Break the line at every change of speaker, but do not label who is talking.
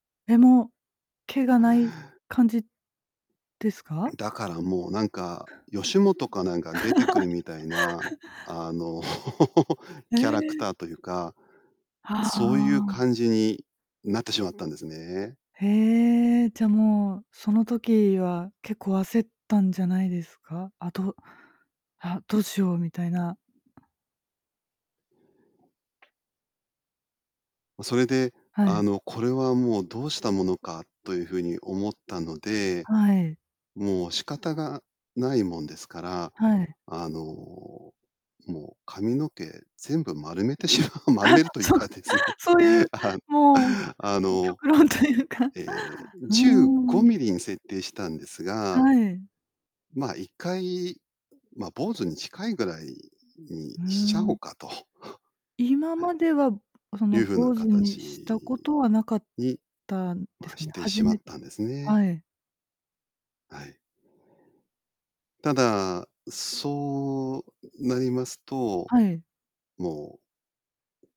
え、も、毛がない感じですか？
だからもうなんか吉本かなんかに出てくるみたいな、あの
へ
キャラク
え。
ターというか、
は
そういう
あ。
感じになってしまったんですね。
へえ、じゃあもうその時は結構焦ったんじゃないですか？あどあ、どうしようみたいな。
それで
は
あ
い。
の、これはもうどうしたものかという風に思ったので、
はい。
もう仕方がないもんですから、
はい。
あの、もう髪の毛全部丸めてしまう丸
あ、
めるという
そう
かですね。
そういう、
あ、
もう
あ
きょ
の、
極論というか。う
え、じゅうご
ーん。
ミリに設定したんです
は
が
い。
ま、1回、ま、坊主に近いぐらいに
うー
しちゃおう
ん。
かと
今まではそ
い
の
う風な
坊主に
形
したことはなかっ
に
たんです
は
かね。
して
はじ
しま
め
ったんですね。
はい。
はい。ただ、そうなりますと、
はい。
もう。